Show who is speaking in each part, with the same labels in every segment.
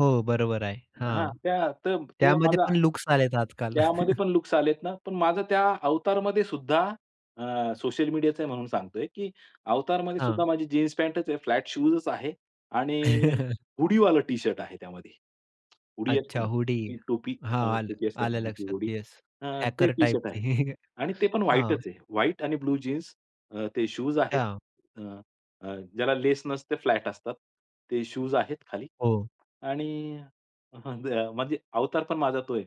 Speaker 1: हो, बरोबर आहे.
Speaker 2: हां,
Speaker 1: हां,
Speaker 2: त्या त ते
Speaker 1: त्यामध्ये
Speaker 2: माझा,
Speaker 1: पण लुक्स आलेत आजकाल.
Speaker 2: त्यामध्ये पण लुक्स आलेत ना. पण माझं त्या अवतारमध्येसुद्धा अ, सोशल मीडियाचा आहे म्हणून सांगतोय की अवतारमध्येसुद्धा
Speaker 1: हां.
Speaker 2: माझी जीन्स पॅन्टच आहे. फ्लॅट शूजच आहे आणि हुडीवालं टी-शर्ट आहे त्यामध्ये. हुडी असते
Speaker 1: अच्छा,
Speaker 2: ना
Speaker 1: हुडी.
Speaker 2: ती टोपी
Speaker 1: हां, आलं
Speaker 2: [unintelligible] असते
Speaker 1: आलं
Speaker 2: ते
Speaker 1: लक्षात.
Speaker 2: हुडी,
Speaker 1: येस
Speaker 2: अ, ते
Speaker 1: हॅकर
Speaker 2: टी-शर्ट
Speaker 1: टाइपची.
Speaker 2: आहे आणि ते पण
Speaker 1: हां.
Speaker 2: व्हाईटच आहे. व्हाईट आणि ब्लू जीन्स अ, ते शूज आहेत,
Speaker 1: अच्छा.
Speaker 2: अ, अ, ज्याला लेस नसते, फ्लॅट असतात. ते शूज आहेत खाली.
Speaker 1: हो.
Speaker 2: आणि म्हणजे अवतार पण माझा तो आहे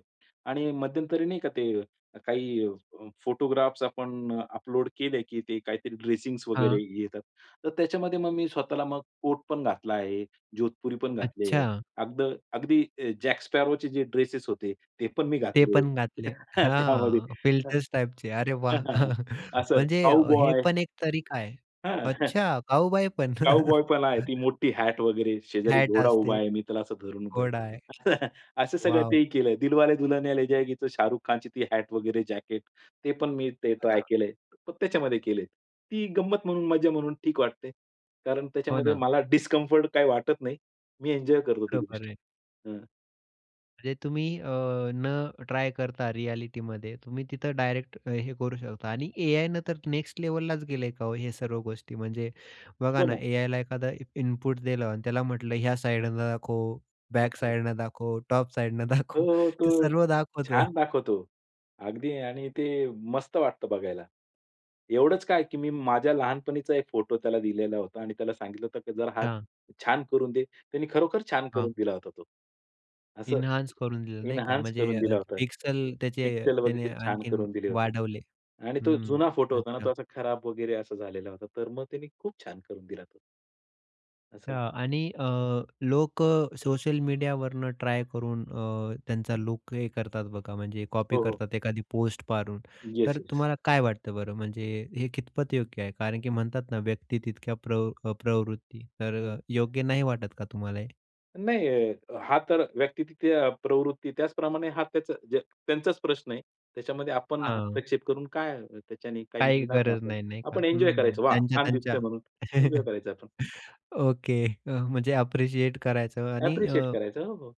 Speaker 2: आणि मध्यंतरी नाही का ते काही अ, फोटोग्राफ्स आपण अपलोड केले की ते काहीतरी ड्रेसिंग वगैरे
Speaker 1: हां.
Speaker 2: येतात. तर त्याच्यामध्ये मग मी स्वतःला कोट पण घातला आहे, जोधपुरी पण घातली आहे.
Speaker 1: अच्छा.
Speaker 2: अगद अगदी जॅक स्पॅरोचे जे ड्रेसेस होते, ते पण मी
Speaker 1: ते
Speaker 2: घातलेत,
Speaker 1: पण घातले.
Speaker 2: अ, त्यामध्ये
Speaker 1: हां,
Speaker 2: हं.
Speaker 1: फिल्टर्स टाइपचे. अरे वाह!
Speaker 2: हं असं
Speaker 1: म्हणजे अ, हे
Speaker 2: काउबॉय
Speaker 1: पण एक तरीका आहे.
Speaker 2: हां.
Speaker 1: अच्छा, काऊबॉय पण?
Speaker 2: काउबॉय पण आहे. ती मोठी हॅट वगैरे, शेजारी
Speaker 1: हॅट
Speaker 2: घोडा उभा
Speaker 1: असते.
Speaker 2: आहे. मी त्याला असं धरून उभं आहे.
Speaker 1: घोडा आहे.
Speaker 2: असं सगळं
Speaker 1: वॉव!
Speaker 2: तेही केलंय. 'दिलवाले दुल्हनिया ले जाएगीचं' शाहरुख खानची हॅट वगैरे, जॅकेट ते पण मी ते
Speaker 1: हां
Speaker 2: ट्राय
Speaker 1: ना.
Speaker 2: केलंय. पण त्याच्यामध्ये केले, ती गंमत म्हणून, मज्जा म्हणून ठीक वाटते. कारण
Speaker 1: हो
Speaker 2: त्याच्यामध्ये
Speaker 1: ना.
Speaker 2: मला डिस्कम्फर्ट काही वाटत नाही. मी एन्जॉय करतो ती
Speaker 1: बरोबर
Speaker 2: गोष्ट.
Speaker 1: आहे.
Speaker 2: हं.
Speaker 1: म्हणजे तुम्ही अ, न ट्राय करता रिअ‍ॅलिटीमध्ये तुम्ही तिथं डायरेक्ट अ, हे करू शकता आणि एआयने तर नेक्स्ट लेव्हललाच गेलय का हे सर्व गोष्टी, म्हणजे बघा
Speaker 2: हो
Speaker 1: ना
Speaker 2: ना.
Speaker 1: एआयला एखादं इनपुट दिलं आणि त्याला म्हटलं ह्या साइडने दाखव, बॅक
Speaker 2: आपलं.
Speaker 1: साइडने दाखव, टॉप साइडने
Speaker 2: हो,
Speaker 1: दाखव.
Speaker 2: हो,
Speaker 1: ते
Speaker 2: तो
Speaker 1: सर्व दाखवतं.
Speaker 2: छान दाखवतो. अगदी आणि ते मस्त वाटतं बघायला. एवढंच काय की मी माझ्या लहानपणीचा एक फोटो त्याला दिलेला होता आणि त्याला सांगितलं होतं की जरा हा
Speaker 1: हां.
Speaker 2: छान करून दे. त्याने खरोखर छान करून
Speaker 1: हां.
Speaker 2: दिला होता तो. असं
Speaker 1: इन्हान्स करून दिलं नाही का
Speaker 2: इन्हान्स
Speaker 1: म्हणजे
Speaker 2: करून
Speaker 1: अ,
Speaker 2: दिला होता.
Speaker 1: पिक्सल त्याचे
Speaker 2: पिक्सल
Speaker 1: त्याने
Speaker 2: वगैरे छान
Speaker 1: आणखीन
Speaker 2: करून दिली होती
Speaker 1: वाढवले.
Speaker 2: आणि तो
Speaker 1: हं.
Speaker 2: जुना फोटो होता ना,
Speaker 1: अच्छा.
Speaker 2: तो असा खराब वगैरे असा झालेला होता, तर मग त्याने खूप छान करून दिला तो. असं.
Speaker 1: हां. आणि अ, लोकं सोशल मीडियावरून ट्राय करून अ, त्यांचा लूक हे करतात बघा, म्हणजे कॉपी
Speaker 2: हो, हो.
Speaker 1: करतात एखादी पोस्ट पाहून
Speaker 2: येस,
Speaker 1: तर
Speaker 2: येस.
Speaker 1: तुम्हाला काय वाटतं बरं, म्हणजे हे कितपत योग्य आहे कारण की म्हणतात ना व्यक्ती तितक्या प्रव अ, प्रवृत्ती, तर
Speaker 2: हं.
Speaker 1: योग्य नाही वाटत का तुम्हाला हे?
Speaker 2: नाही. हां, तर व्यक्ती तितक्या प्रवृत्ती त्याचप्रमाणे हा त्याचा ज त्यांचाच प्रश्न आहे. त्याच्यामध्ये आपण
Speaker 1: हां.
Speaker 2: हस्तक्षेप करून काय त्याच्याने काही
Speaker 1: काही
Speaker 2: मिळणार नाही
Speaker 1: गरज
Speaker 2: आपल्याला.
Speaker 1: नाही, नाही का?
Speaker 2: आपण एन्जॉय
Speaker 1: हं,
Speaker 2: करायचं. "वाह! छान
Speaker 1: त्यांच्या-त्यांच्या
Speaker 2: दिसतंय" म्हणून एन्जॉय करायचं आपण.
Speaker 1: ओके अ, म्हणजे अप्रिशिएट करायचं आणि
Speaker 2: अप्रिशिएट
Speaker 1: अ
Speaker 2: करायचं. हो, हो.